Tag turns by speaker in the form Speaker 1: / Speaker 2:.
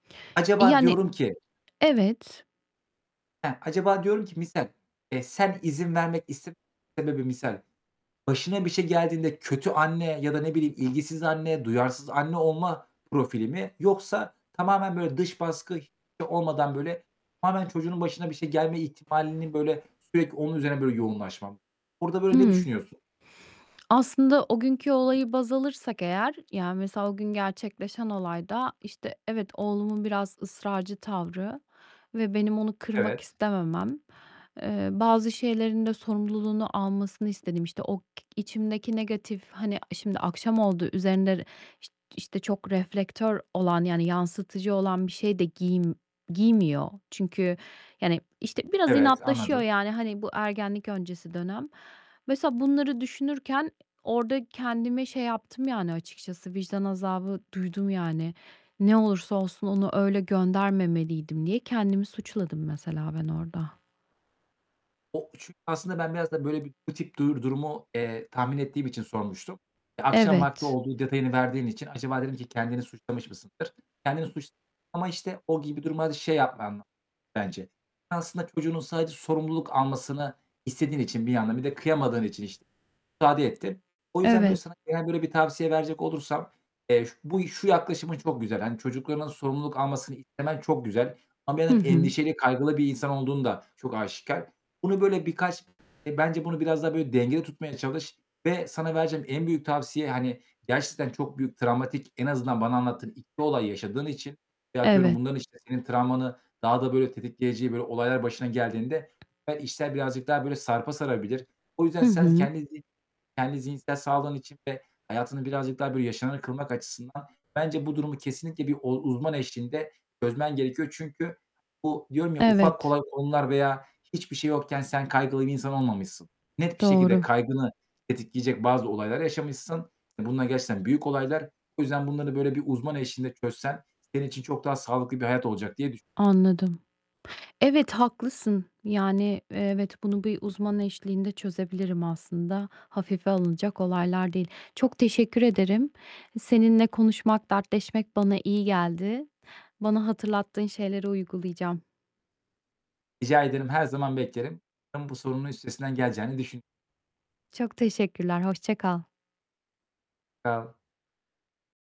Speaker 1: Acaba
Speaker 2: Yani
Speaker 1: diyorum ki
Speaker 2: evet.
Speaker 1: Ha, acaba diyorum ki misal, eee, sen izin vermek iste sebebi misal, başına bir şey geldiğinde kötü anne ya da, ne bileyim, ilgisiz anne, duyarsız anne olma profili mi yoksa tamamen böyle dış baskı h olmadan böyle, tamamen çocuğunun başına bir şey gelme ihtimalinin, böyle, sürekli onun üzerine, böyle, yoğunlaşma Burada, böyle, ne
Speaker 2: Hımm.
Speaker 1: düşünüyorsun?
Speaker 2: Aslında o günkü olayı baz alırsak eğer, yani, mesela o gün gerçekleşen olayda, işte, evet, oğlumun biraz ısrarcı tavrı ve benim onu kırmak
Speaker 1: Evet.
Speaker 2: istememem, eee, bazı şeylerin de sorumluluğunu almasını istedim. İşte, o k içimdeki negatif, hani, a şimdi akşam oldu, üzerinde r işt işte çok reflektör olan, yani yansıtıcı olan bir şey de giym giymiyor. Çünkü, yani, işte, biraz
Speaker 1: Evet,
Speaker 2: inatlaşıyor,
Speaker 1: anladım.
Speaker 2: yani, hani bu ergenlik öncesi dönem. Mesela bunları düşünürken orada kendime şey yaptım yani açıkçası vicdan azabı duydum, yani. Ne olursa olsun onu öyle göndermemeliydim diye kendimi suçladım mesela ben orada.
Speaker 1: O 3'ü aslında ben biraz da böyle bir bu tip dur durumu, eee, tahmin ettiğim için sormuştum. E, akşam vakti
Speaker 2: Evet.
Speaker 1: olduğu detayını verdiğin için acaba dedim ki kendini suçlamış mısındır? Kendini suçlama, işte, o gibi durumlarda şey yapman [unintelligible] bence. Ya, aslında çocuğunun sadece sorumluluk almasını istediğin için bir yandan, bir de kıyamadığın için, işte, müsaade ettin. O yüzden, böyle,
Speaker 2: Evet.
Speaker 1: sana gelen, böyle, bir tavsiye verecek olursam, eee, ş bu şu yaklaşımın çok güzel. Hani, çocuklarının sorumluluk almasını istemen çok güzel ama bir
Speaker 2: Hı
Speaker 1: yandan
Speaker 2: hı.
Speaker 1: endişeli, kaygılı bir insan olduğun da çok aşikâr. Bunu, böyle, birkaç bence bunu biraz daha böyle dengede tutmaya çalış ve sana vereceğim en büyük tavsiye, hani, gerçekten çok büyük travmatik en azından bana anlattığın 2 olay yaşadığın için ve atıyorum
Speaker 2: Evet.
Speaker 1: bunların, işte, senin travmanı daha da böyle tetikleyeceği böyle olaylar başına geldiğinde, [unintelligible] işler birazcık daha, böyle, sarpa sarabilir. O yüzden
Speaker 2: Hı
Speaker 1: sen s
Speaker 2: hı.
Speaker 1: kendi zi kendi zihinsel sağlığın için ve hayatını birazcık daha, böyle, yaşamını kılmak açısından bence, bu durumu kesinlikle bir ol uzman eşliğinde çözmen gerekiyor. Çünkü, bu diyorum ya ufak,
Speaker 2: Evet.
Speaker 1: kolay konular veya hiçbir şey yokken sen kaygılı bir insan olmamışsın. Net bir şekilde
Speaker 2: Doğru.
Speaker 1: kaygını tetikleyecek bazı olaylar yaşamışsın. Bunlar gerçekten büyük olaylar. O yüzden bunları, böyle, bir uzman eşliğinde çözsen senin için çok daha sağlıklı bir hayat olacak diye düş
Speaker 2: Anladım. Evet haklısın. Yani, evet bunu bir uzman eşliğinde çözebilirim aslında. Hafife alınacak olaylar değil. Çok teşekkür ederim. Seninle konuşmak, dertleşmek bana iyi geldi. Bana hatırlattığın şeyleri uygulayacağım.
Speaker 1: Rica ederim, her zaman beklerim. [unintelligible] Bu sorunun üstesinden geleceğini düşün
Speaker 2: Çok teşekkürler, hoşça kal.
Speaker 1: [unintelligible]